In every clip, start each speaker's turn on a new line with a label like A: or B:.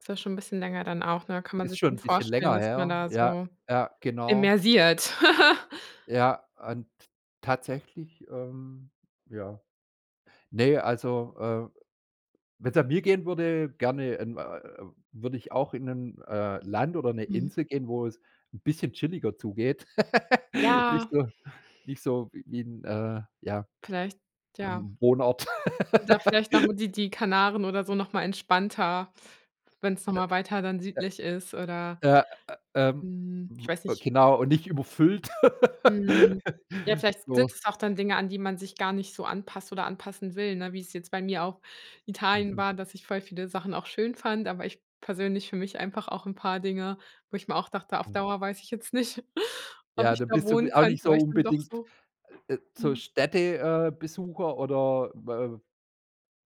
A: Ist ja schon 'n bisschen länger dann auch, ne, da kann man
B: Ist
A: sich
B: schon
A: schon
B: 'n bisschen
A: vorstellen,
B: länger
A: dass man
B: her.
A: da
B: Ja,
A: so
B: ja, genau.
A: immersiert.
B: Ja, und tatsächlich, ähm ja. Ne, also, äh, wenn's nach mir gehen würde, gerne in, äh, würde ich auch in 'n, äh, Land oder 'ne
A: Mhm.
B: Insel gehen, wo es 'n bisschen chilliger zugeht, nicht
A: Ja.
B: so nicht so wie 'n, äh, ja,
A: Vielleicht, ja.
B: ähm, Wohnort.
A: Oder vielleicht noch, hm, die die Kanaren oder so noch mal entspannter, wenn es noch
B: Äh,
A: mal weiter dann südlich ist oder
B: ja, äh, ähm,
A: mhm, ich weiß
B: w
A: nicht
B: genau, und nicht überfüllt,
A: Mhm. Ja, vielleicht sind
B: so.
A: es auch dann Dinge, an die man sich gar nicht so anpasst oder anpassen will, ne, wie's jetzt bei mir auch in Italien
B: Mhm.
A: war, dass ich voll viele Sachen auch schön fand, aber ich persönlich für mich einfach auch 'n paar Dinge, wo ich mir auch dachte, auf
B: Hm.
A: Dauer weiß ich jetzt nicht, ob
B: Ja,
A: ich
B: dann
A: da
B: bist du
A: wohnen
B: auch
A: könnte,
B: nicht
A: weil
B: so
A: ich dann doch
B: unbedingt,
A: so
B: äh, so,
A: mhm.
B: Städte äh, Besucher oder, äh,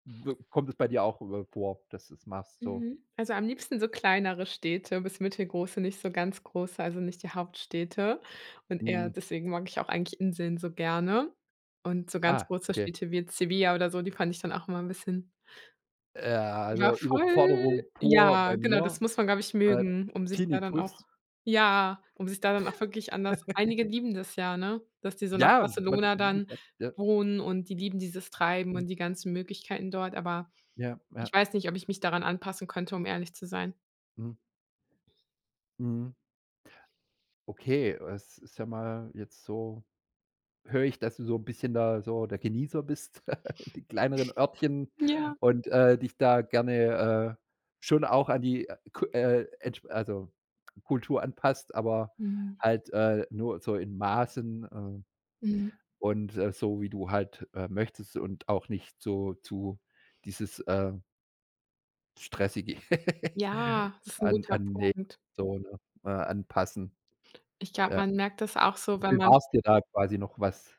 B: b kommt es bei dir auch, äh, vor, dass du's machst, so?
A: Mhm, also am liebsten so kleinere Städte bis mittelgroße, nicht so ganz große, also nicht die Hauptstädte, und eher
B: Mhm.
A: deswegen mag ich auch eigentlich Inseln so gerne und so ganz
B: Ah,
A: große
B: okay.
A: Städte wie jetzt Sevilla oder so, die fand ich dann auch immer 'n bisschen
B: Äh, ja,
A: Ja,
B: also
A: voll.
B: Überforderung pur
A: Ja,
B: bei
A: genau, das
B: mir,
A: muss man, glaube ich,
B: äh,
A: mögen, um sich da dann auch
B: Tinnitus.
A: ja, um sich da dann auch wirklich an das einige lieben das ja, dass die so nach
B: Ja, [unintelligible]
A: Barcelona
B: wie
A: dann
B: gesagt, ja.
A: wohnen und die lieben dieses Treiben
B: Mhm.
A: und die ganzen Möglichkeiten dort, aber
B: Ja,
A: ich
B: ja.
A: weiß nicht, ob ich mich daran anpassen könnte, um ehrlich zu sein.
B: Mhm. Mhm. Okay, es ist ja mal jetzt so, höre ich, dass du so 'n bisschen da so der Genießer bist in den kleineren Örtchen
A: Ja.
B: und, äh, dich da gerne, äh, schon auch an die, äh, K äh, entsch also Kultur anpasst, aber
A: Mhm.
B: halt, äh, nur so in Maßen, äh,
A: Mhm.
B: und so wie du halt, äh, möchtest und auch nicht so zu dieses, äh stressige
A: Ja, das ist 'n
B: an
A: guter
B: an ne,
A: Punkt.
B: so, ne, äh, anpassen,
A: Ich glaube,
B: ja.
A: man merkt das auch so, wenn man
B: Bewahrst dir da quasi noch was